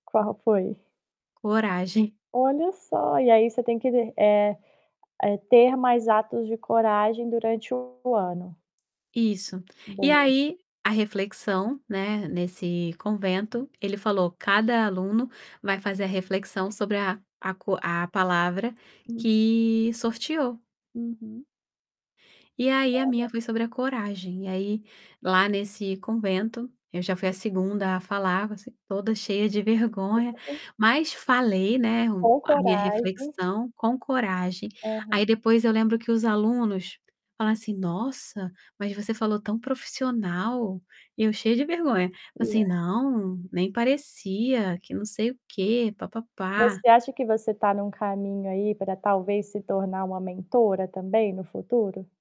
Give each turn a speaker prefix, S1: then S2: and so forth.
S1: Qual foi?
S2: Coragem.
S1: Olha só. E aí você tem que de eh eh, ter mais atos de coragem durante o ano.
S2: Isso. E
S1: Boa.
S2: aí, a reflexão, né, nesse convento, ele falou: "Cada aluno vai fazer a reflexão sobre a a co a palavra
S1: Hum.
S2: que sorteou".
S1: Uhum.
S2: E aí a minha
S1: Olha.
S2: foi sobre a coragem e aí lá nesse convento, eu já fui a 2º a falar, você toda cheia de vergonha,
S1: [unintelligible]
S2: mas falei, né, o
S1: Com
S2: a minha
S1: coragem.
S2: reflexão com coragem.
S1: Aham.
S2: Aí depois eu lembro que os alunos falaram assim: "Nossa, mas você falou tão profissional". E eu cheia de vergonha. Falei
S1: E é
S2: assim "Não, nem parecia que não sei o quê, pá-pá-pá".
S1: Você acha que você tá num caminho aí pra, talvez, se tornar uma mentora também, no futuro?